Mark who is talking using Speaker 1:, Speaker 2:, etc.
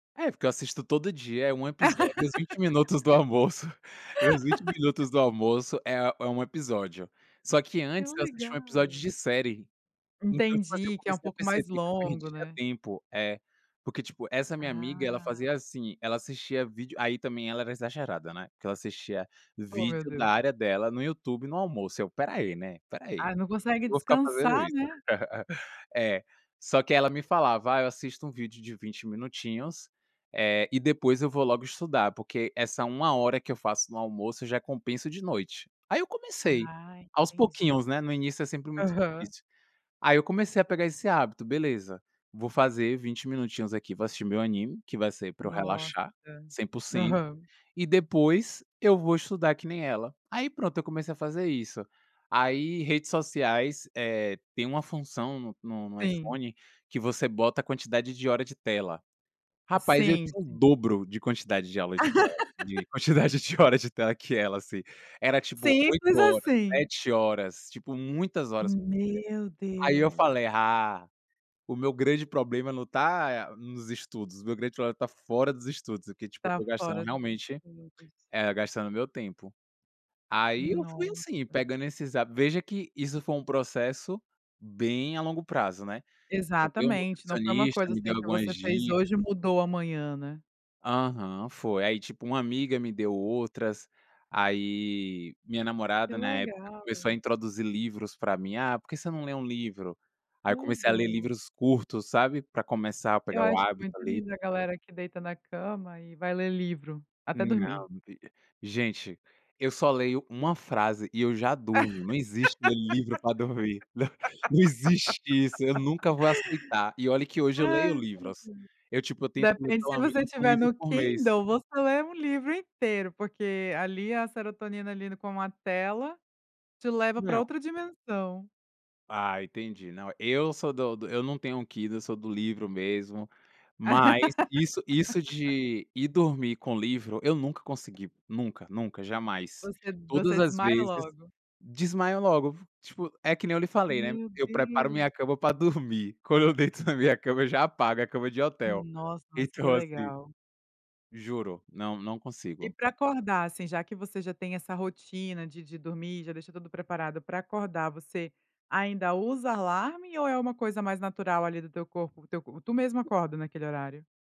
Speaker 1: É, porque eu assisto todo dia, é 1 episódio, é meus 20 minutos do almoço. Meus 20 minutos do almoço, é u é 1 episódio. Só que
Speaker 2: Que
Speaker 1: antes, eu assistia 1 episódio de
Speaker 2: legal.
Speaker 1: série. Então, tipo assim, eu
Speaker 2: Entendi, que é um
Speaker 1: comecei a
Speaker 2: pouco mais
Speaker 1: perceber que eu
Speaker 2: longo,
Speaker 1: perdia
Speaker 2: né.
Speaker 1: tempo é. Porque tipo, essa minha amiga, ela
Speaker 2: Ah.
Speaker 1: fazia assim, ela assistia vídeo aí também ela era exagerada, né, que ela assistia
Speaker 2: Ô meu
Speaker 1: vídeo da
Speaker 2: Deus.
Speaker 1: área dela no YouTube no almoço, eu: "Espera aí, né, espera aí.
Speaker 2: Ah, não consegue
Speaker 1: Eu vou ficar fazendo
Speaker 2: descansar,
Speaker 1: isso".
Speaker 2: né.
Speaker 1: É, só que ela me falava: "Ah, eu assisto um vídeo de 20 minutinhos, eh, e depois eu vou logo estudar, porque essa 1 hora que eu faço no almoço, já é compenso de noite". Aí eu comecei,
Speaker 2: Ah,
Speaker 1: aos
Speaker 2: entendi.
Speaker 1: pouquinhos, né, no início é sempre muito
Speaker 2: Aham.
Speaker 1: difícil. Aí eu comecei a pegar esse hábito: "Beleza, vou fazer 20 minutinhos aqui, vou assistir meu anime, que vai ser pra eu
Speaker 2: Nossa.
Speaker 1: relaxar 100%,
Speaker 2: Aham.
Speaker 1: e depois eu vou estudar que nem ela". Aí pronto, eu comecei a fazer isso. Aí, redes sociais, eh, tem uma função no no no
Speaker 2: Sim.
Speaker 1: iPhone que você bota a quantidade de hora de tela. Rapaz, eu
Speaker 2: Sim,
Speaker 1: tinha o
Speaker 2: sim.
Speaker 1: dobro de quantidade de aula de tela de quantidade de horas de tela que ela, assim. Era tipo 8
Speaker 2: Simples
Speaker 1: horas,
Speaker 2: assim.
Speaker 1: 7 horas, tipo, muitas horas por
Speaker 2: Meu
Speaker 1: dia. Aí eu
Speaker 2: Deus.
Speaker 1: falei: "Ah, o meu grande problema não tá, eh, nos estudos, o meu grande problema tá fora dos estudos", porque tipo, eu
Speaker 2: Tá
Speaker 1: tô gastando
Speaker 2: fora dos
Speaker 1: realmente
Speaker 2: estudos.
Speaker 1: eh, gastando o meu tempo. Aí eu fui assim,
Speaker 2: Nossa.
Speaker 1: pegando esses hábitos veja que, isso foi um processo bem a longo prazo, né. O meu
Speaker 2: Exatamente, não foi uma
Speaker 1: nutricionista
Speaker 2: coisa,
Speaker 1: me deu
Speaker 2: assim, que
Speaker 1: algumas
Speaker 2: você fez hoje
Speaker 1: dicas.
Speaker 2: e mudou amanhã, né.
Speaker 1: Aham, foi. Aí tipo, uma amiga me deu outras. Aí, minha
Speaker 2: Que
Speaker 1: namorada, na época,
Speaker 2: legal.
Speaker 1: começou a introduzir livros pra mim. "Ah, por que você não lê um livro?". Aí eu comecei a ler
Speaker 2: Tudo.
Speaker 1: livros curtos, sabe, pra começar a
Speaker 2: Eu
Speaker 1: pegar o
Speaker 2: acho
Speaker 1: hábito,
Speaker 2: muito
Speaker 1: ali.
Speaker 2: lindo a galera que deita na cama e vai ler livro, até
Speaker 1: Hum, não
Speaker 2: dormir.
Speaker 1: [unintelligible] gente, eu só leio uma frase e eu já durmo. Não existe ler livro pra dormir. Não não existe isso, eu nunca vou aceitar, e olha que hoje eu leio
Speaker 2: Ai meu Deus.
Speaker 1: livros. Eu tipo, eu tento ler
Speaker 2: Depende
Speaker 1: pelo menos
Speaker 2: se
Speaker 1: 1
Speaker 2: estiver
Speaker 1: livro
Speaker 2: no
Speaker 1: por mês.
Speaker 2: Kindle, você lê um livro inteiro, porque ali a serotonina, ali, no com a tela, te leva pra
Speaker 1: Não.
Speaker 2: outra dimensão.
Speaker 1: Ah, entendi, não. Eu sou do do eu não tenho um Kindle, eu sou do livro mesmo. Mas, isso isso de ir dormir com livro, eu nunca consegui, nunca, nunca, jamais.
Speaker 2: Você
Speaker 1: Todas
Speaker 2: você
Speaker 1: as
Speaker 2: desmaina
Speaker 1: vezes
Speaker 2: logo.
Speaker 1: desmaio logo v tipo, é que nem eu lhe falei, né,
Speaker 2: Meu
Speaker 1: eu preparo
Speaker 2: Deus.
Speaker 1: minha cama pra dormir, quando eu deito na minha cama, eu já apago, é cama de hotel.
Speaker 2: Nossa, mas que
Speaker 1: Então assim
Speaker 2: legal.
Speaker 1: Juro, não não
Speaker 2: E
Speaker 1: consigo.
Speaker 2: pra acordar, assim, já que você já tem essa rotina de de dormir e já deixa tudo preparado, pra acordar você ainda usa alarme ou é uma coisa mais natural, ali, do teu corpo? O teu co tu mesmo acorda, naquele horário?